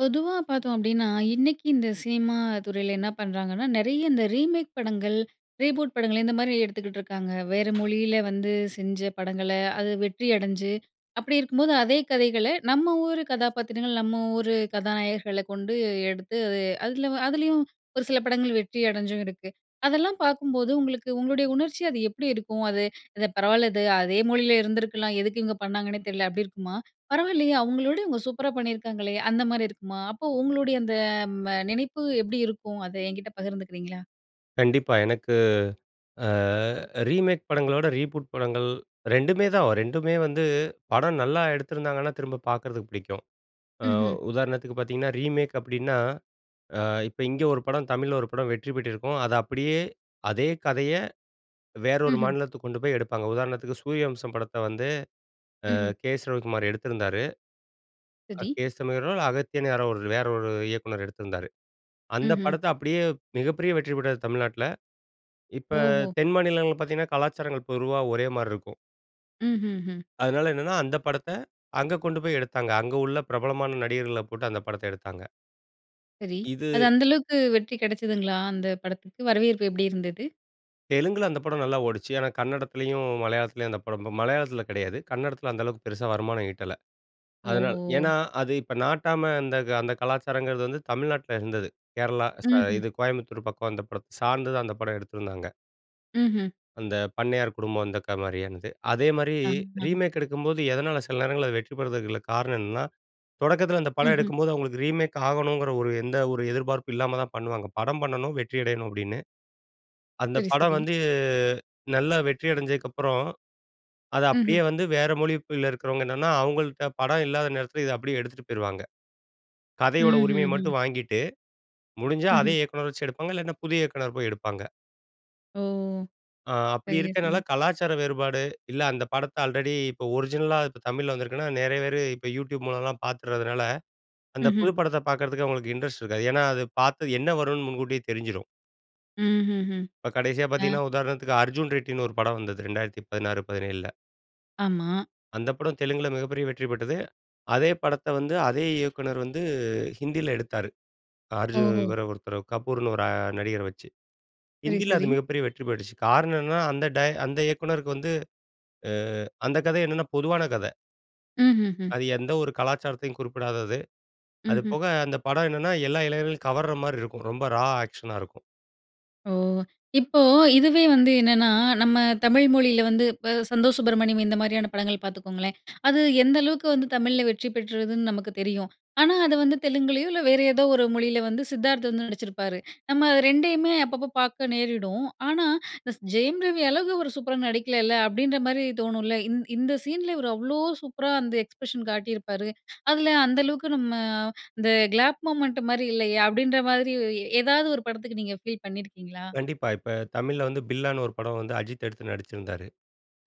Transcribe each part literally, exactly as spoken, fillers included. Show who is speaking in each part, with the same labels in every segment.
Speaker 1: பொதுவா பார்த்தோம் அப்படீன்னா, இன்னைக்கி இந்த சினிமா துறையில என்ன பண்ணுறாங்கன்னா, நெறைய இந்த ரீமேக் படங்கள், ரீபூட் படங்கள் இந்தமாரி எடுத்துக்கிட்டுருக்காங்க. வேற மொழியில வந்து செஞ்ச படங்கள அது வெற்றி அடைஞ்சு அப்படி இருக்கும்போது, அதே கதைகளை நம்ம ஊர் கதாபாத்திரங்கள், நம்ம ஊரு கதாநாயகர்களை கொண்டு எடுத்து அது அதில வ அதிலயும் ஒரு சில படங்கள் வெற்றி அடைஞ்சும் இருக்கு. அதெல்லாம் பார்க்கும்போது, உங்களுக்கு உங்களுடைய உணர்ச்சி அது எப்படி இருக்கும்? அது, "இது பரவாயில்ல இது. அதே மொழியில இருந்துருக்கலாம், எதுக்கு இவுங்க பண்ணாங்கன்னே தெரியல." அப்படி இருக்குமா? "பரவால்லையே! அவுங்களோட இவுங்க சூப்பரா பண்ணியிருக்காங்களே!" அந்தமாரி இருக்குமா? அப்போ உங்களுடைய அந்த ம் அ நினைப்பு எப்படி இருக்கும்? அதை என்கிட்ட பகிர்ந்துக்கிறீங்களா?
Speaker 2: கண்டிப்பா. எனக்கு அ ரீமேக் படங்கள விட, ரீபூட் படங்கள் ரெண்டுமே தான் வ ரெண்டுமே வந்து படம் நல்லா எடுத்துருந்தாங்கன்னா, திரும்ப பார்க்கறதுக்கு பிடிக்கும். அ
Speaker 1: ம்ஹ்ம்.
Speaker 2: உதாரணத்துக்கு பார்த்தீங்கன்னா ரீமேக் அப்படின்னா, அ இப்ப இங்க ஒரு படம் தமிழ்ல ஒரு படம் வெற்றி பெற்றிருக்கும். அத அப்படியே, அதே கதையை வேற ஒரு
Speaker 1: ம்ஹ்ம்.
Speaker 2: மாநிலத்துக்கு கொண்டுபோய் எடுப்பாங்க. உதாரணத்துக்கு, சூரியவம்சம் படத்த வந்து அ
Speaker 1: ம்ஹ்ம்.
Speaker 2: கே.எஸ். ரவிக்குமார் எடுத்திருந்தாரு. அ
Speaker 1: துதி.
Speaker 2: கே.எஸ். என். ஆர்ரோ, இல்ல அகத்தியன் யாரோ ஒரு, வேற ஒரு இயக்குனர் எடுத்திருந்தாரு. அந்த
Speaker 1: ம்ஹ்ம்.
Speaker 2: படத்த அப்படியே மிகப்பெரிய வெற்றி பெற்றது தமிழ்நாட்ல. இப்ப
Speaker 1: ஓஹோ!
Speaker 2: தென் மாநிலங்கள்ல பார்த்தீங்கன்னா, கலாச்சாரங்கள் பொறுவா ஒரேமாரி இருக்கும்.
Speaker 1: ம்ஹ்ஹும்.
Speaker 2: அதனால என்னன்னா, அந்த படத்த, அங்க கொண்டு போய் எடுத்தாங்க. அங்க உள்ள பிரபலமான நடிகர்களப் போட்டு அந்த படத்த எடுத்தாங்க.
Speaker 1: சரி. அது
Speaker 2: இது.
Speaker 1: அந்த அளவுக்கு வெற்றி கிடைச்சதுங்களா? அந்த படத்துக்கு வரவேற்பு எப்பிடி இருந்தது?
Speaker 2: தெலுங்குல அந்த படம் நல்லா ஓடுச்சு. ஆனா, கன்னடத்துலயும், மலையாளத்துலயும் அந்த படம் மலையாளத்துல கிடையாது. கன்னடத்துல அந்த அளவுக்கு பெருசா வருமானம் ஈட்டல. அதனால
Speaker 1: ஓஹோ!
Speaker 2: ஏன்னா, அது இப்ப 'நாட்டாம' அந்த அந்த கலாச்சாரங்கிறது வந்து தமிழ்நாட்ல இருந்தது. கேரளா ஸா
Speaker 1: ம், ம்.
Speaker 2: இது கோயம்புத்தூர் பக்கம் அந்த படத்த சார்ந்துதான் அந்த படம் எடுத்திருந்தாங்க.
Speaker 1: ம்ஹ்ம்.
Speaker 2: அந்த பண்ணையார் குடும்பம் அந்தக்கா மாதிரியானது. அதேமாரி
Speaker 1: ஆங், ஆங்.
Speaker 2: ரீமேக் எடுக்கும்போது, எதனால சில நேரங்கள்ல வெற்றி பெறுவதற்கு உள்ள காரணம் என்னன்னா, தொடக்கத்துல அந்த படம்
Speaker 1: ம்ஹ்ம்.
Speaker 2: எடுக்கும்போது அவுங்களுக்கு ரீமேக் ஆகணுங்குற ஒரு எந்த ஒரு எதிர்பார்ப்பும் இல்லாம தான் பண்ணுவாங்க. படம் பண்ணனும் வெற்றியடையணும் அப்பிடின்னு. அந்த
Speaker 1: சரி,
Speaker 2: படம்
Speaker 1: சரி.
Speaker 2: வந்து நல்லா வெற்றி அடைஞ்சதுக்கு அப்புறம், அத
Speaker 1: ம்ஹ்ம்.
Speaker 2: அப்பிடியே வந்து வேற மொழிப்பில இருக்கிறவங்க என்னன்னா, அவுங்கள்ட படம் இல்லாத நேரத்துல, இத அப்பிடியே எடுத்துட்டு போயிருவாங்க. கதையோட உரிமைய
Speaker 1: ம்ஹ்ஹும்.
Speaker 2: மட்டும் வாங்கிட்டு முடிஞ்சா அதே
Speaker 1: ம்ஹ்ம்.
Speaker 2: இயக்குனர வச்சு எடுப்பாங்க, இல்லாட்ன்னா, புதிய இயக்குனர் போய் எடுப்பாங்க.
Speaker 1: ஓ!
Speaker 2: அ அப்பிடி
Speaker 1: சரியா
Speaker 2: இருக்கிறனால,
Speaker 1: சொன்னீங்க.
Speaker 2: கலாச்சார வேறுபாடு, இல்ல அந்த படத்த ஆல்ரெடி இப்போ ஒரிஜினலா இப்ப தமிழ்ல வந்திருக்குன்னா, நெறைய பேரு இப்ப யூட்யூப் மூலலாம் பார்த்துறதுனால, அந்த
Speaker 1: ம்ஹ்ம்.
Speaker 2: புது படத்த பார்க்கறதுக்கு அவுங்களுக்கு இன்ட்ரெஸ்ட் இருக்காது. ஏன்னா, அது பார்த்தது என்ன வருன்னு முன்கூட்டியே தெரிஞ்சிரும்.
Speaker 1: ம்ஹ்ஹ்ம்.
Speaker 2: இப்ப கடைசியா
Speaker 1: ஆ
Speaker 2: பார்த்தீங்கன்னா, உதாரணத்துக்கு அர்ஜுன் ரெட்டின்னு ஒரு படம் வந்துது. ரெண்டாயிரத்து பதினாறு பதினேழுல.
Speaker 1: ஆமா.
Speaker 2: அந்த படம் தெலுங்குல, மிகப்பெரிய வெற்றி பெற்றது. அதே படத்த வந்து, அதே இயக்குனர் வந்து ஹிந்தியில எடுத்தாரு. அ அர்ஜுன்னு
Speaker 1: ஓஹோ!
Speaker 2: இவர ஒருத்தரு கபூருன்னு ஒரு அ நடிகரை வச்சு.
Speaker 1: சரி,
Speaker 2: ஹிந்தில அது
Speaker 1: சரி.
Speaker 2: மிகப்பெரிய வெற்றி பெட்டுச்சு. காரணம் என்னன்னா அந்த ட அந்த இயக்குனருக்கு வந்து அ அந்த கதை என்னென்னா பொதுவான கதை.
Speaker 1: ம்ஹ்ஹ்ம்.
Speaker 2: அது எந்த ஒரு கலாச்சாரத்தையும் குறிப்பிடாதது. அது
Speaker 1: ம்ஹ்ம்.
Speaker 2: போக, அந்த படம் என்னென்னா எல்லா இளைஞர்களையும் கவர்ற மாரி இருக்கும். ரொம்ப ரா ஆக்க்ஷனா இருக்கும்.
Speaker 1: ஓ! இப்போ இதுவே வந்து என்னன்னா, நம்ம தமிழ் மொழியில வந்து இப்ப "சந்தோஷ் சுப்பிரமணியம்". இந்த மாரியான படங்கள் பார்த்துக்கோங்களேன். அது எந்த அளவுக்கு வந்து தமிழில வெற்றி பெற்றதுன்னு நமக்கு தெரியும். ஆனா, அது வந்து தெலுங்குலேயோ, இல்ல வேற ஏதோ ஒரு மொழியில வந்து சித்தார்த் வந்து நடிச்சிருப்பாரு. நம்ம ரெண்டையுமே அப்பப்ப பார்க்க நேரிடும். ஆனா, இஸ் இந்த ஜெயம் ரவி அழகு அவரு சூப்பரா நடிக்கலல்ல அப்டின்ற மாரி தோணும்ல. இந் இந்த சீனில இவரு அவ்ளோ சூப்பரா அந்த எக்ஸ்ப்ரஷன் காட்டியிருப்பாரு. அதுல அந்த அளவுக்கு நம்ம அந்த கிளாப் மொமெண்ட் மாரி இல்லையே அப்டின்ற மாதிரி, எ ஏதாவது ஒரு படத்துக்கு நீங்க ஃபீல் பண்ணியிருக்கீங்களா?
Speaker 2: கண்டிப்பா. இப்ப தமிழ்ல வந்து பில்லான்னு ஒரு படம் வந்து அஜித் எடுத்து நடிச்சிந்தாரு.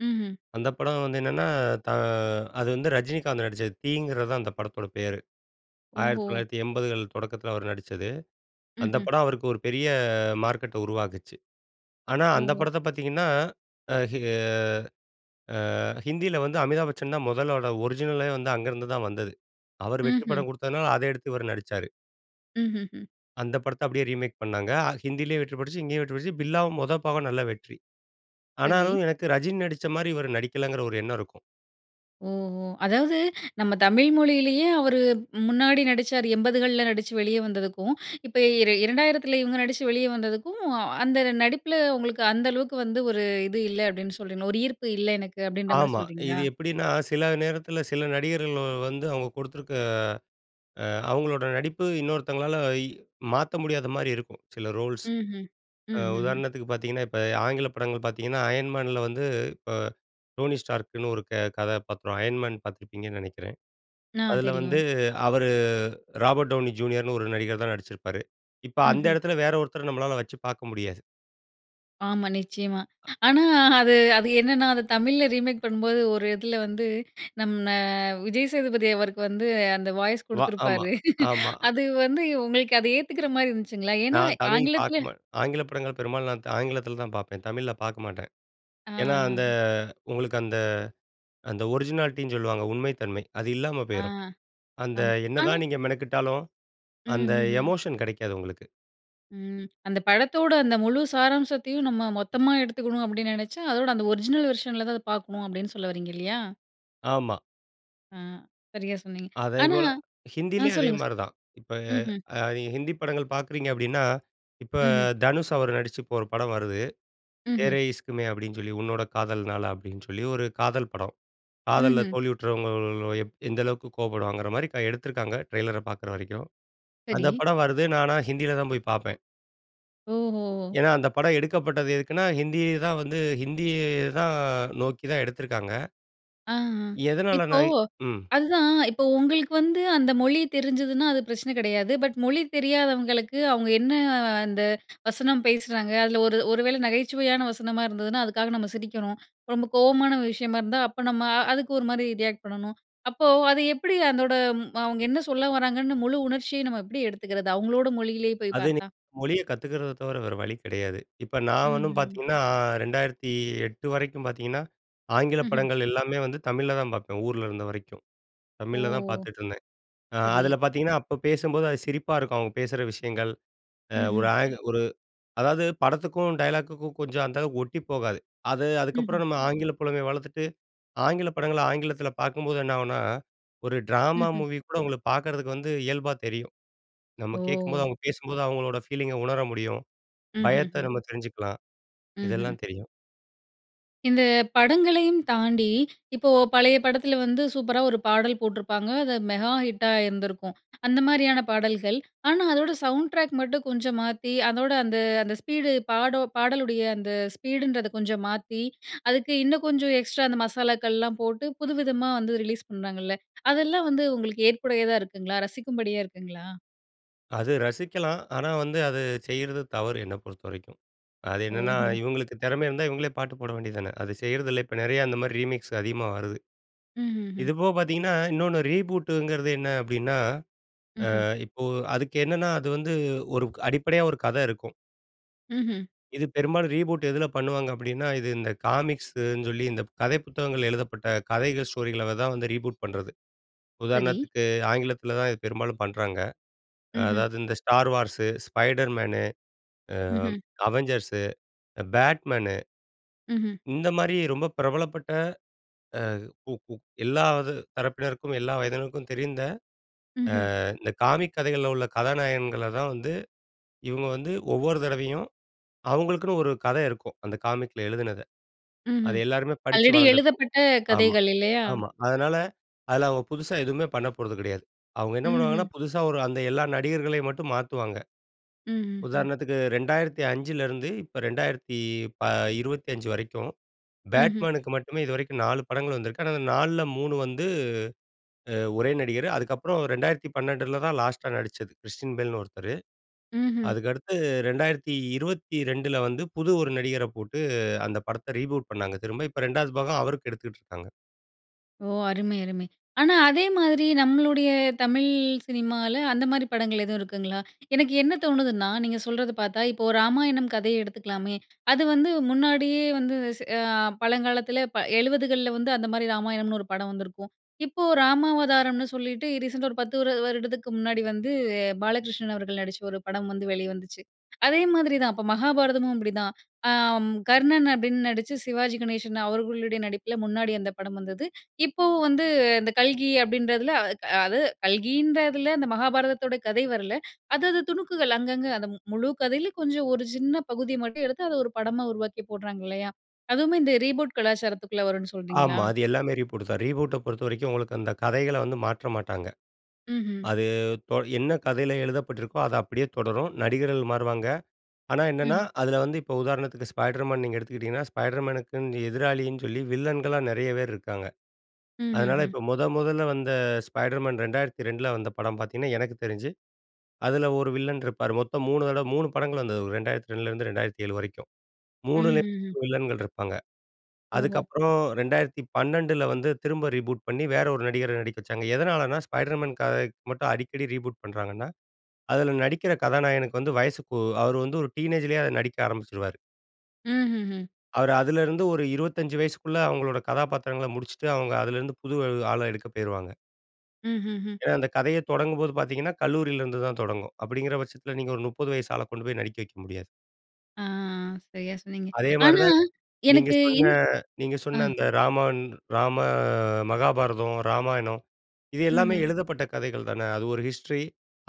Speaker 1: ம்ஹ்ம்.
Speaker 2: அந்த படம் வந்து என்னென்னா. தா அது வந்து ரஜினிகாந்த் நடிச்சது. தீ இங்குறது தான் அந்த படத்தோட பேரு. ஆயிரத்து
Speaker 1: ஓஹோ!
Speaker 2: தொள்ளாயிரத்தி எண்பதுகள் தொடக்கத்துல அவரு நடிச்சது. அந்த
Speaker 1: ம்ஹ்ம்.
Speaker 2: படம் அவருக்கு ஒரு பெரிய மார்க்கெட்ட உருவாக்கிச்சு. ஆனா, அந்த
Speaker 1: ஓஹோ!
Speaker 2: படத்த பார்த்திங்கன்னா அஹ் ஆ ஹிந்தியில வந்து அமிதாப் பச்சன் தான் முதலோட ஒரிஜினலே வந்து அங்கேருந்துதான் வந்தது. அவர் வெற்றி
Speaker 1: ம்ஹ்ம்.
Speaker 2: படம் குடுத்ததுனால, அத எடுத்து இவரு நடிச்சாரு.
Speaker 1: ம்ஹ்ம்.
Speaker 2: அந்த படத்த அப்டியே ரீமேக் பண்ணாங்க. ஹ ஹிந்தியிலேயும் வெற்றி பெற்றுச்சு, இங்கேயும் வெற்றி பெற்றுச்சு. பில்லாவும் மொத பாகம் நல்ல வெற்றி.
Speaker 1: சரி.
Speaker 2: ஆனாலும், எனக்கு ரஜினி நடிச்ச மாரி இவரு நடிக்கலங்கற ஒரு எண்ணம் இருக்கும்.
Speaker 1: ஓஹோ! அதாவது நம்ம தமிழ் மொழியிலேயே அவரு முன்னாடி நடிச்சாரு. எண்பதுகள்ல நடிச்சு வெளிய வந்தததுக்கும், இப்ப இர இரண்டாயிரத்துல இவங்க நடிச்சு வெளிய வந்தததுக்கும். அந்த நடிப்புல உங்களுக்கு அந்த அளவுக்கு வந்து ஒரு இது இல்ல அப்டினு சொல்றீங்களா? ஒரு ஈர்ப்பு இல்ல எனக்கு அப்டின்ற மாரி
Speaker 2: ஆமா. இது
Speaker 1: சொல்றீங்களா?
Speaker 2: எப்படின்னா சில நேரத்துல, சில நடிகர்கள் வந்து அவங்க கொடுத்திருக்க ஆ அவங்களோட நடிப்பு இன்னொருத்தங்களால இ மாத்த முடியாத மாரி இருக்கும். சில ரோல்ஸ்.
Speaker 1: ம்ஹ்ம்.
Speaker 2: அ
Speaker 1: ம்ஹ்ம்.
Speaker 2: உதாரணத்துக்கு பார்த்தீங்கன்னா, இப்ப ஆங்கில படங்கள் பார்த்தீங்கன்னா. அயன் மேன்ல வந்து, இப்ப டோனி ஸ்டார்க்ன்னு ஒரு க கதா பாத்திரம். அயன் மேன் பார்த்துருப்பீங்கன்னு நினைக்கிறன்.
Speaker 1: ஆ.
Speaker 2: அதுல வந்து
Speaker 1: தெரியும்.
Speaker 2: அவரு ராபர்ட் டவுனி ஜூனியர்ன்னு ஒரு நடிகர் தான் நடிச்சிருப்பாரு. இப்ப அந்த
Speaker 1: ம்ஹ்ம்.
Speaker 2: இடத்துல வேற ஒருத்தர நம்மளால வச்சு பார்க்க முடியாது.
Speaker 1: ஆமா, நிச்சயமா.
Speaker 2: அ
Speaker 1: ஆனா, அது அது என்னென்னா அது தமிழ்ல ரீமேக் பண்ணும் போது, ஒரு இதில வந்து நம்ம விஜய் சேதுபதி அவருக்கு வந்து, அந்த வாய்ஸ்
Speaker 2: வா ஆமா,
Speaker 1: குடுத்துருப்பாரு.
Speaker 2: ஆமா.
Speaker 1: அது வந்து உங்களுக்கு அத ஏத்துக்கிறமாரி இருந்துச்சுங்களா? ஏன்னா,
Speaker 2: நான் தமிழ்
Speaker 1: ஆங்கிலத்துல
Speaker 2: பார்க்க மாட்டேன். ஆங்கில படங்கள் பெரும்பாலும், நான் த ஆங்கிலத்தில தான் பார்ப்பேன். தமிழ்ல பார்க்க மாட்டேன்.
Speaker 1: ஆ,
Speaker 2: ஏன்னா, அந்த
Speaker 1: ஆ.
Speaker 2: உங்களுக்கு அந்த அந்த ஒரிஜினாலிட்டி ன்னு சொல்லுவாங்க. உண்மை தன்மை, அது இல்லாம
Speaker 1: ஆ.
Speaker 2: போயிரும். அந்த
Speaker 1: அம் ஆனா
Speaker 2: என்னதான் நீங்க மெனக்கெட்டாலும், அந்த
Speaker 1: ம்ஹ்ஹ்ம்.
Speaker 2: எமோஷன் கெடைக்காது உங்களுக்கு.
Speaker 1: ம். "அந்த படத்தோட அந்த முழு சாராம்சத்தையும் நம்ம மொத்தமா எடுத்துக்கணும் அப்படி நெனச்சா, அதோட அந்த ஒரிஜினல் வெர்ஷன் ல தான் அத பார்க்கணும்." அப்படின்னு சொல்ல வர்றீங்க இல்லையா?
Speaker 2: ஆமா.
Speaker 1: ஆ. சரியா சொன்னீங்க. ஆனா
Speaker 2: அதேபோல
Speaker 1: ஆ
Speaker 2: ஹிந்தியிலேயும்
Speaker 1: சொல்லுங்க, சொ
Speaker 2: அதேமாரி தான். இப்ப
Speaker 1: ம்ஹ்ம்.
Speaker 2: அ ஹிந்தி படங்கள் பார்க்குறீங்க அப்படின்னா, இப்ப
Speaker 1: ம்ஹ்ம்.
Speaker 2: தனுஷ் அவர் நடிச்சு இப்ப ஒரு படம் வருது.
Speaker 1: ம்ஹ்ம்.
Speaker 2: "தேரே இஷ்க் மெய்ன்" அப்படின்னு சொல்லி 'உன்னோட காதல்னால' அப்படின்னு சொல்லி, ஒரு காதல் படம். காதல்ல
Speaker 1: ம்ஹ்ம்.
Speaker 2: தோல்வியுற்றவங்க எப் எந்த அளவுக்கு கோவப்படுவாங்கிறமாரி கதை எடுத்துருக்காங்க. ட்ரெய்லர பார்க்குற வரைக்கும். அந்த
Speaker 1: சடி.
Speaker 2: படம் வருது. நான் ஆனா ஹிந்தியில தான் போய் பார்ப்பேன்.
Speaker 1: ஓஹோ! ஓ!
Speaker 2: ஏன்னா, அந்த படம் எடுக்கப்பட்டது எதுக்குன்னா, ஹிந்தி தான் வந்து ஹிந்திய தான் நோக்கி தான் எடுத்திருக்காங்க.
Speaker 1: அ, அ. இப்போ,
Speaker 2: எதனாலனாய் ம்.
Speaker 1: அதுதான் இப்போ உங்களுக்கு வந்து அந்த மொழி தெரிஞ்சுதுன்னா, அது பிரச்சன கிடையாது. பட், மொழி தெரியாதவங்களுக்கு அவுங்க என்ன அந்த வசனம் பேசுறாங்க? அதில ஒரு ஒரு வேள நகைச்சுவையான வசனமா இருந்ததுனா, அதுக்காக நம்ம சிரிக்கணும். ரொம்ப கோவமான விஷயமா இருந்தா, அப்ப நம்ம அதுக்கு ஒருமாரி ரியாக்ட் பண்ணணும். அப்போ அது எப்பிடி அதோட ம் அவுங்க என்ன சொல்ல வராங்கன்னு முழு உணர்ச்சிய நம்ம எப்பிடி எடுத்துக்கிறது? அவுங்களோட மொழியிலே போய்
Speaker 2: அது நி
Speaker 1: பார்த்தா?
Speaker 2: மொழிய கத்துக்கிறத தவிர வேற வழி கிடையாது. இப்ப நான் ஒன்னும்
Speaker 1: ம்ஹ்ம்.
Speaker 2: பார்த்தீங்கன்னா. ரெண்டாயிரத்தி எட்டு வரைக்கும் பார்த்தீங்கன்னா, ஆங்கில
Speaker 1: ம்ஹ்ம்.
Speaker 2: படங்கள் எல்லாமே வந்து தமிழ்ல தான் பாப்பேன். ஊர்ல இருந்த வரைக்கும்.
Speaker 1: ஓ!
Speaker 2: தமிழ்ல தான் பார்த்துட்டுருந்தேன். அ
Speaker 1: சரி.
Speaker 2: அதுல பார்த்தீங்கன்னா, அப்ப பேசும்போது அது சிரிப்பா இருக்கும். அவுங்க பேசுற விஷயங்கள், அ ஒரு
Speaker 1: ம்ஹ்ம்.
Speaker 2: ஆக் ஒரு அதாவது படத்துக்கும், டயலாக்குக்கும் கொஞ்சம் அந்தளவுக்கு ஒட்டி போகாது. அது
Speaker 1: ம்ஹ்ம்.
Speaker 2: அதுக்கப்புறம் நம்ம ஆங்கில புலமைய வளர்த்துட்டு. ஆங்கிலப் படங்கள, ஆங்கிலத்துல பார்க்கும்போது என்னாகுனா, ஒரு டிராமா
Speaker 1: ம்ஹ்ம்.
Speaker 2: மூவி கூட உங்களுக்கு பார்க்கறதுக்கு வந்து இயல்பா தெரியும். நம்ம
Speaker 1: ஓ!
Speaker 2: கேட்கும்போது அவுங்க பேசும்போது அவுங்களோட ஃபீலிங்க உணர முடியும். பயத்த
Speaker 1: ம்ஹ்ஹ்ம்.
Speaker 2: நம்ம தெரிஞ்சுக்கலாம்.
Speaker 1: ம்ஹ்ம்.
Speaker 2: இதெல்லாம் தெரியும்.
Speaker 1: இந்த படங்களையும் தாண்டி, இப்போ பழைய படத்துல வந்து சூப்பரா ஒரு பாடல் போட்டுருப்பாங்க, அத மெகா ஹிட்டா இருந்திருக்கும். அந்த மாதிரியான பாடல்கள். ஆனா, அதோட சவுண்ட் டிராக் மட்டும் கொஞ்சம் மாத்தி அதோட அந்த அந்த ஸ்பீடு பாடோ பாடலுடைய அந்த ஸ்பீடு ன்றத கொஞ்சம் மாத்தி, அதுக்கு இன்னும் கொஞ்சம் எக்ஸ்ட்ரா அந்த மசாலாக்கள்லாம் போட்டு, புதுவிதமா வந்து ரிலீஸ் பண்றாங்கல்ல. அதெல்லாம் வந்து உங்களுக்கு ஏற்புடையதா இருக்குங்களா? ரசிக்கும்படியா இருக்குங்களா?
Speaker 2: அது ரசிக்கலாம். ஆனா வந்து, அது செய்றது தவறு. என்னை பொறுத்த வரைக்கும். அது என்னன்னா,
Speaker 1: ஓஹோ!
Speaker 2: இவங்களுக்கு திறம இருந்தா, இவங்களே பாட்டு போட வேண்டியது தான. அது செய்றதில்ல. இப்ப நிறைய அந்த மாரி ரீமிக்ஸ் அதிகமா வருது.
Speaker 1: ம்ஹ்ம்.
Speaker 2: இது போக பார்த்தீங்கன்னா, இன்னொன்னு ரீபூட்ங்கிறது என்ன அப்டின்னா அ
Speaker 1: ம்ஹ்ம்.
Speaker 2: இப்போ அதுக்கு என்னென்னா அது வந்து ஒரு க் அடிப்படையா ஒரு கத இருக்கும்.
Speaker 1: ம்ஹ்ம்.
Speaker 2: இது பெரும்பாலும் ரீபூட் எதுல பண்ணுவாங்க அப்டின்னா. இது இந்த காமிக்ஸுன்னு சொல்லி, இந்த ப் கதைப்புத்தகங்கள் எழுதப்பட்ட கதைகள், ஸ்டோரிகள தான் வந்து ரீபூட் பண்றது.
Speaker 1: சரி.
Speaker 2: உதாரணத்துக்கு, ஆங்கிலத்துல தான் இது பெரும்பாலும் பண்றாங்க. அ
Speaker 1: ம்ஹ்ம்.
Speaker 2: அதாவது, இந்த Star Wars, Spider Man அ
Speaker 1: ம்ஹ்ம்.
Speaker 2: Avengers அ Bat Man.
Speaker 1: ம்ஹ்ம்.
Speaker 2: இந்த மாதிரி ரொம்ப பிரபலப்பட்ட அ உ உ எல்லாவது தரப்பினருக்கும், எல்லா வயதினருக்கும் தெரிந்த,
Speaker 1: ம்ஹ்ம்.
Speaker 2: அ இந்த காமிக் கதைகள்ல உள்ள கதாநாயகங்கள தான் வந்து, இவங்க வந்து ஒவ்வொரு தடவையும், அவுங்களுக்குனு ஒரு கத இருக்கும். அந்த காமிக்ல எழுதுனத. அது
Speaker 1: ம்ஹ்ம்.
Speaker 2: எல்லாருமே படிச்சு
Speaker 1: ஆல்ரெடி
Speaker 2: வளர்ந்திருப்பாங்க.
Speaker 1: எழுதப்பட்ட
Speaker 2: ஆமா.
Speaker 1: கதைகள், இல்லையா?
Speaker 2: ஆமா. அதனால, அதுல அவங்க புதுசா எதுவுமே பண்ண போறது கிடையாது. அவங்க என்ன பண்ணுவாங்கன்னா.
Speaker 1: ம்ஹ்ம்.
Speaker 2: புதுசா ஒரு அந்த எல்லா நடிகர்களையும் மட்டும் மாத்துவாங்க.
Speaker 1: ம்ஹ்ஹும்
Speaker 2: உதாரணத்துக்கு இரண்டாயிரத்தி அஞ்சில இருந்து, இப்ப இரண்டாயிரத்தி ப இருபத்தி அஞ்சி வரைக்கும்.
Speaker 1: ம்ஹ்ம்.
Speaker 2: பேட்மேன்க்கு மட்டுமே இதுவரைக்கும் நாளு படங்கள் வந்திருக்கு. ஆனா நால்ல மூணு வந்து அ ஒரே நடிகர். அதுக்கப்புறம் இரண்டாயிரத்தி பன்னெண்டுல தான் லாஸ்ட்டா நடிச்சது. கிறிஸ்டியன் பெல்னு ஒருத்தரு.
Speaker 1: ம்ஹ்ம்.
Speaker 2: அதுக்கு அடுத்து இரண்டாயிரத்தி இருபத்தி இரண்டுல வந்து, புது ஒரு நடிகர போட்டு அந்த படத்த ரீபூட் பண்ணாங்க திரும்ப. இப்ப இரண்டாவது பாகம் அவருக்கு எடுத்துட்ருக்காங்க.
Speaker 1: ஓ அருமை, அருமை! ஆனா அதே மாதிரி நம்மளுடைய தமிழ் சினிமால, அந்த மாரி படங்கள் எதுவும் இருக்குங்களா? எனக்கு என்ன தோணுதுன்னா, நீங்க சொல்றது பார்த்தா, இப்போ ராமாயணம் கதைய எடுத்துக்கலாமே, அது வந்து, முன்னாடியே வந்து எச அ பழங்காலத்தில ப எழுபதுகள்ல வந்து அந்த மாரி ராமாயணம்னு ஒரு படம் வந்திருக்கும். இப்போ ராமாவதாரம்ன்னு சொல்லிட்டு, ரீசெண்டா ஒரு பத்து வருடத்துக்கு முன்னாடி வந்து 'பாலகிருஷ்ணன்' அவர்கள் நடிச்ச ஒரு படம் வந்து வெளி வந்துச்சு. அதே மாதிரி தான். அப்ப மகாபாரதமும் அப்டிதான். அம், கர்ணன் அப்டின்னு நடிச்சு 'சிவாஜி கணேசன்' அவர்களுடைய நடிப்பில முன்னாடி அந்த படம் வந்தது. இப்பவும் வந்து இந்த கல்கி அப்டின்றதில அ, அது கல்கின்றதுல அந்த மகாபாரதத்தோட கதை வரல. அது அது துணுக்குகள், அங்கங்க, அந்த மு முழு கதைல கொஞ்சம் ஒரு சின்ன பகுதி மட்டும் எடுத்து, அத ஒரு படமா உருவாக்கி போடுறாங்க இல்லையா? அதுவுமே இந்த ரீபூட் கலாச்சாரத்துக்குள்ள வரும்னு சொல்றீங்களா?
Speaker 2: ஆமா. அது எல்லாமே ரீபூட்டு தான். ரீபூட்ட பொறுத்தவரைக்கும் உங்களுக்கு அந்த கதைகள வந்து மாற்ற மாட்டாங்க.
Speaker 1: ம்ஹ்ம்.
Speaker 2: அது தொ என்ன கதைல எழுதப்பட்டிருக்கோ, அது அப்டியே தொடரும். நடிகர்கள் மாறுவாங்க. ஆனா என்னனென்ன,
Speaker 1: ம்ஹ்ம்.
Speaker 2: அதுல வந்து இப்ப உதாரணத்துக்கு 'ஸ்பைடர் மேன்' நீங்க எடுத்துக்கிட்டீங்கன்னா, ஸ்பைடர்மேனுக்குன்னு எதிராளின்னு சொல்லி, வில்லன்களா நெறைய பேர் இருக்காங்க. அதனால
Speaker 1: ம்ஹ்ஹும்.
Speaker 2: இப்போ, மொத மொதல்ல வந்த 'ஸ்பைடர்மேன்'. ரெண்டாயிரத்தி ரெண்டுல வந்த படம் பார்த்தீங்கன்னா, எனக்கு தெரிஞ்சு, அதுல ஒரு வில்லன் இருப்பாரு, மொத்தம் மூணு தடவ, மூணு படங்கள் வந்தது ஒரு ரெண்டாயிரத்தி ரெண்டுலருந்து ரெண்டாயிரத்தி ஏழு வரைக்கும். மூணுலயும்
Speaker 1: ம்ஹ்ஹும்.
Speaker 2: மூணு வில்லன்கள் இருப்பாங்க.
Speaker 1: ஓஹோ!
Speaker 2: அதுக்கப்றம் ரெண்டாயிரத்தி பன்னெண்டுல வந்து, திரும்ப ரீபூட் பண்ணி, வேற ஒரு நடிகர நடிக்க வச்சாங்க. எதனாலனா, 'ஸ்பைடர்மேன்' கதைக்கு மட்டும் அடிக்கடி ரீபூட் பண்றாங்கன்னா, அதுல நடிக்கிற கதாநாயகனுக்கு வந்து வயசுக்கு அவரு வந்து ஒரு டீனேஜ்லயே அத நடிக்க ஆரம்பிச்சுருவாரு.
Speaker 1: ம்ஹ்ஹூம்.
Speaker 2: அவரு அதுலருந்து ஒரு இருவத்தஞ்சு வயசுக்குள்ள, அவங்களோட கதாபாத்திரங்கள முடிச்சிட்டு, அவங்க அதுலருந்து, புது ஆள எடுக்க பேயிருவாங்க.
Speaker 1: ம்ஹ்ஹூம்.
Speaker 2: ஏன்னா, அந்த கதையே தொடங்கும்போது பாத்தீங்கன்னா, கல்லூரில இருந்துதான் தொடங்கும். அப்படிங்கற பட்சத்துல, நீங்க ஒரு நுப்பது வயசு ஆள கொண்டு போயி நடிக்க வைக்க முடியாது.
Speaker 1: ஆ. சரியா சொன்னீங்க.
Speaker 2: அதே
Speaker 1: ஆனா,
Speaker 2: மாரிதான், நீங்க
Speaker 1: எனக்கு
Speaker 2: சொன்ன
Speaker 1: என்ன
Speaker 2: நீங்க
Speaker 1: ஆ.
Speaker 2: சொன்ன அந்த "ராமன் ராம மகாபாரதம், ராமாயணம்". இது எல்லாமே
Speaker 1: ம்ஹ்ம்.
Speaker 2: எழுதப்பட்ட கதைகள் தான? அது ஒரு ஹிஸ்ட்ரி,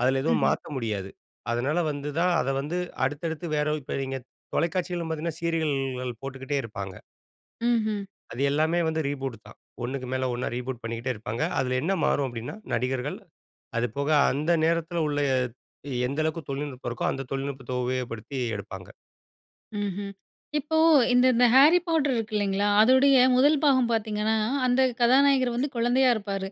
Speaker 2: அதுல எதுவும்
Speaker 1: ம்ஹ்ம்.
Speaker 2: மாத்த முடியாது. அதனால வந்துதான் அத வந்து அடுத்தடுத்து வேற இப்ப நீங்க, தொலைக்காட்சிகளும் பாத்தீங்கன்னா, சீரியல்கள் போட்டுக்கிட்டே இருப்பாங்க.
Speaker 1: ம்ஹ்ம்.
Speaker 2: அது எல்லாமே வந்து ரீபூட்டு தான். ஒண்ணுக்கு மேல ஒண்ணா, ரீபூட் பண்ணிக்கிட்டே இருப்பாங்க. அதுல என்ன மாறும் அப்படினா, "நடிகர்கள்". அது போக அந்த நேரத்துல உள்ள, எந்த அளவுக்கு தொழில்நுட்பம் இருக்கோ, அந்த தொழில்நுட்பத்த உபயோகப்படுத்தி எடுப்பாங்க.
Speaker 1: ம்ஹ்ம். இப்போ இந்த இந்த "Harry Potter" இருக்கு இல்லைங்களா, அதோடைய முதல் பாகம் பாத்தீங்கன்னா, அந்த கதாநாயகர் வந்து குழந்தையா இருப்பாரு.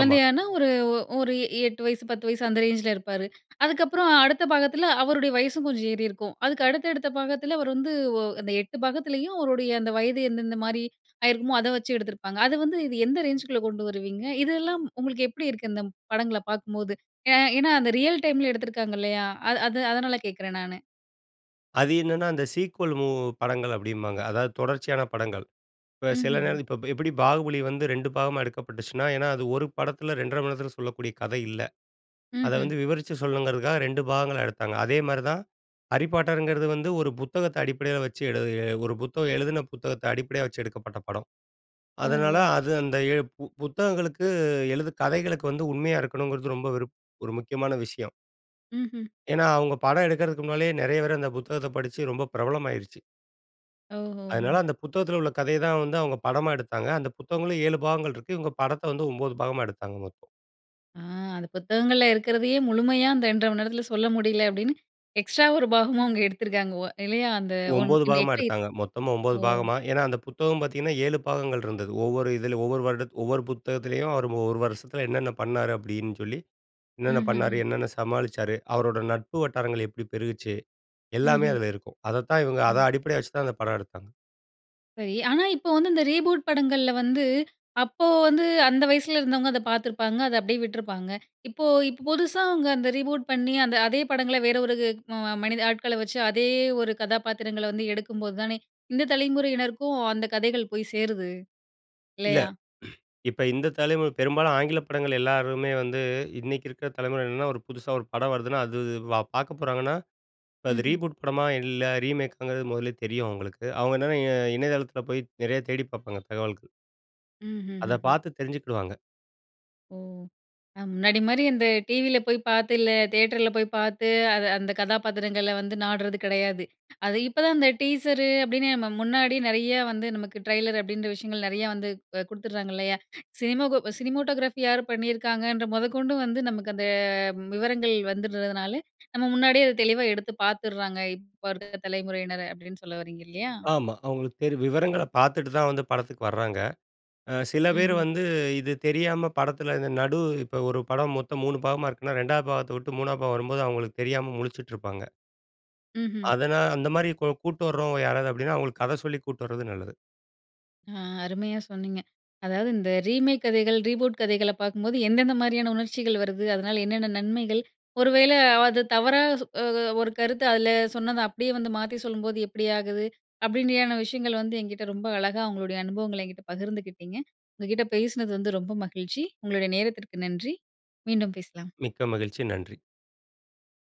Speaker 2: ஆமா.
Speaker 1: ஒரு ஒ ஒரு எ எட்டு வயசு, பத்து வயசு, அந்த ரேஞ்சுல இருப்பாரு. அதுக்கப்புறம் அடுத்த பாகத்துல, அவருடைய வயசும் கொஞ்சம் ஏறிருக்கும். அதுக்கு அடுத்தடுத்த பாகத்துல, அவரு வந்து ஒ அந்த எட்டு பாகத்துலயும் அவருடைய அந்த வயது எந்தெந்த மாரி, ஆயிருக்குமோ அத வச்சு எடுத்திருப்பாங்க. அது வந்து, இது எந்த ரேஞ்சுக்குள்ள கொண்டு வருவீங்க? இதெல்லாம் உங்களுக்கு எப்படி இருக்கு, இந்தப் படங்கள பாக்கும்போது? ஏ ஏன்னா, அந்த ரியல் டைம்ல எடுத்துருக்காங்க, இல்லையா? அ அது அதனால கேக்குறேன், நானு.
Speaker 2: அது என்னன்னா, அந்த சீக்வல் மூவ் படங்கள் அப்படிம்பாங்க. அதாவது தொடர்ச்சியான படங்கள். இப்ப சில நேர
Speaker 1: ம்ஹ்ஹ்ம்.
Speaker 2: இப்ப எப்புடி 'பாகுபலி' வந்து ரெண்டு பாகமா எடுக்கப்பட்டுச்சுன்னா, ஏன்னா அது ஒரு படத்துல ரெண்ட்ரை மணி நேரத்துல சொல்லக்கூடிய கதை இல்ல. அத
Speaker 1: ம்ஹ்ம்.
Speaker 2: வந்து விவரிச்சு சொல்ணுங்கிறதுக்காக ரெண்டு பாகங்களா எடுத்தாங்க. அதே மாரி தான். ஹரிபாட்டர்ங்கிறது வந்து ஒரு புத்தகத்த அடிப்படயா வச்சு எழுதிய ஒரு புத்தகம் எழுதுன புத்தகத்த அடிப்படையா வச்சு எடுக்கப்பட்ட படம். அதனால,
Speaker 1: ஓஹோ!
Speaker 2: அது அந்த எ பு புத்தகங்களுக்கு எழுது கதைகளுக்கு வந்து உண்மையா இருக்கணுங்கிறது ரொம்ப விருப் ஒரு முக்கியமான விஷயம்.
Speaker 1: ம்ஹ்ம்.
Speaker 2: ஏன்னா, அவங்க படம் எடுக்குறதுக்கு முன்னாலயே நெறைய பேர் அந்த புத்தகத்த படிச்சு, ரொம்ப பிரபலமாயிருச்சு.
Speaker 1: ஓஹோஹோ!
Speaker 2: அதனால அந்த புத்தகத்துல உள்ள கதைய தான் வந்து அவங்க படமாக எடுத்தாங்க. அந்த புத்தகங்களும் ஏழு பாகங்கள் இருக்கு. இவுங்க படத்த வந்து ஒன்பது பாகமா எடுத்தாங்க மொத்தம்.
Speaker 1: அ அந்த புத்தகங்கள்ள இருக்கிறதயே முழுமையா அந்த ரெண்ட்ரை மணி நேரத்துல சொல்ல முடில, அப்படின்னு எக்ஸ்ட்ரா ஒரு பாகமும் அவங்க எடுத்திருக்காங்க. ஓ இல்லையா, அந்த ஒன்
Speaker 2: ஒம்போது
Speaker 1: இந்த
Speaker 2: பாகமா
Speaker 1: [unintelligible]
Speaker 2: எடுத்தாங்க. மொத்தமா ஒம்பது
Speaker 1: ஓ.
Speaker 2: பாகமா. ஏன்னா அந்த புத்தகம் பார்த்தீங்கன்னா, ஏழு பாகங்கள் இருந்தது. ஒவ்வொரு இதில ஒவ்வொரு வருடத் ஒவ்வொரு புத்தகத்திலேயும், அவர் ஒரு வருஷத்துல என்னன்ன பண்ணாரு? அப்டின்னு சொல்லி, என்னென்ன பண்ணாரு?
Speaker 1: ம்ஹ்ஹ்ம்.
Speaker 2: என்னென்ன சமாளிச்சாரு? அவரோட நட்பு வட்டாரங்கள் எப்டி பெருகுச்சு? எல்லாமே
Speaker 1: ம்ஹ்ம்.
Speaker 2: அதுல இருக்கும். அதத்தான் இவங்க அத
Speaker 1: ம்.
Speaker 2: அடிப்படையா வச்சுதான் அந்த படம் எடுத்தாங்க.
Speaker 1: சரி. ஆனா, இப்போ வந்து இந்த ரீபூட் படங்கள்ல வந்து, அப்போ வந்து, அந்த வயசுல இருந்தவங்க அத பார்த்துருப்பாங்க, அத அப்படியே விட்ருப்பாங்க. இப்போ இப்போ, புதுசா அவங்க அந்த ரீபூட் பண்ணி, அந்த அதே படங்கள வேற ஒரு கு ம மனித ஆட்கள வச்சு அதே ஒரு கதாபாத்திரங்கள வந்து எடுக்கும்போது தானே இந்த தலைமுறையினருக்கும், அந்த கதைகள் போய் சேருது.
Speaker 2: இல்ல.
Speaker 1: இல்லையா?
Speaker 2: இப்ப இந்த தலைமுறை பெரும்பாலும் ஆங்கில படங்கள எல்லாருமே வந்து, இன்னைக்கு இருக்க தலைமுறை என்னன்னா, ஒரு புதுசா ஒரு படம் வருதுனா, அது வா பார்க்க போறாங்கன்னா, இப்போ அது
Speaker 1: ம்ஹ்ம்.
Speaker 2: ரீபூட் படமா? இல்ல ரீமேக்காங்கிறது முதல்லேயே தெரியும் அவங்களுக்கு. அவங்க என்னன்னா இ இணையதளத்துல போய் நெறைய தேடிப் பார்ப்பாங்க, தகவல்க்கு. அத
Speaker 1: ம்ஹ்ஹ்ம்.
Speaker 2: பார்த்து தெரிஞ்சுக்கிடுவாங்க.
Speaker 1: ஓ! அ முன்னாடி மாரி அந்த டிவில போய் பார்த்து இல்ல, தியேட்டர்ல போய் பார்த்து, அது அந்த கதாபாத்திரங்கள வந்து நாடுறது கிடையாது. அது இப்போ தான், அந்த டீசரு அப்படீன்னு, நம்ம முன்னாடி, நெறைய வந்து நமக்கு ட்ரெய்லர் அப்படீன்ற விஷயங்கள், நிறைய வந்து அ குடுத்துடுறாங்கல்லையா? சினிமாகோ சினிமாட்டோகிராஃபி யாரு பண்ணியிருக்காங்கன்ற முதற்கொண்டும், வந்து நமக்கு அந்த விவரங்கள் வந்துடுறதுனால, நம்ம முன்னாடியே, அத தெளிவா எடுத்து பார்த்துர்றாங்க. இப்ப இருக்க தலைமுறையினர் அப்படீன்னு சொல்ல வர்றீங்க, இல்லையா?
Speaker 2: ஆமா. அவர்களுக்கு தெரியும். விவரங்கள பார்த்துட்டு தான், வந்து படத்துக்கு வராங்க. அ சில பேர்
Speaker 1: ம்ஹ்ம்.
Speaker 2: வந்து இது தெரியாம, படத்துல இந்த நடு இப்ப ஒரு படம் மொத்தம் மூணு பாகமா இருக்குனா, ரெண்டாவது பாகத்த விட்டு, மூணாவது பாகம் வரும்போது அவங்களுக்கு தெரியாம முழிச்சுட்டு இருப்பாங்க.
Speaker 1: ம்ஹ்ம்.
Speaker 2: அதனா அந்த மாதிரி கு கூட்டிட்டு வர்றவங்க யாராவது அப்படின்னா, அவங்களுக்கு கத சொல்லி கூட்டிட்டு வர்றது நல்லது.
Speaker 1: அ அருமையா சொன்னீங்க. அதாவது, இந்த ரீமேக் கதைகள், ரீபூட் கதைகள பார்க்கும்போது எந்தெந்த மாதிரியான உணர்ச்சிகள் வருது? அதனால என்னென்ன நன்மைகள்? ஒரு வேளை, அத தவறா சொ அ அ ஒரு கருத்து, அதுல சொன்னத அப்படீயே வந்து மாத்தி சொல்லும்போது, எப்டி ஆகுது? அப்படீன்றயான விஷயங்கள் வந்து, என்கிட்டே ரொம்ப அழகா உங்களுடைய அனுபவங்கள, என்கிட்ட பகிர்ந்துக்கிட்டீங்க. உங்க கிட்ட பேசினது வந்து ரொம்ப மகிழ்ச்சி. உங்களுடைய நேரத்திற்கு நன்றி. மீண்டும் பேசலாம்.
Speaker 2: மிக்க மகிழ்ச்சி. நன்றி.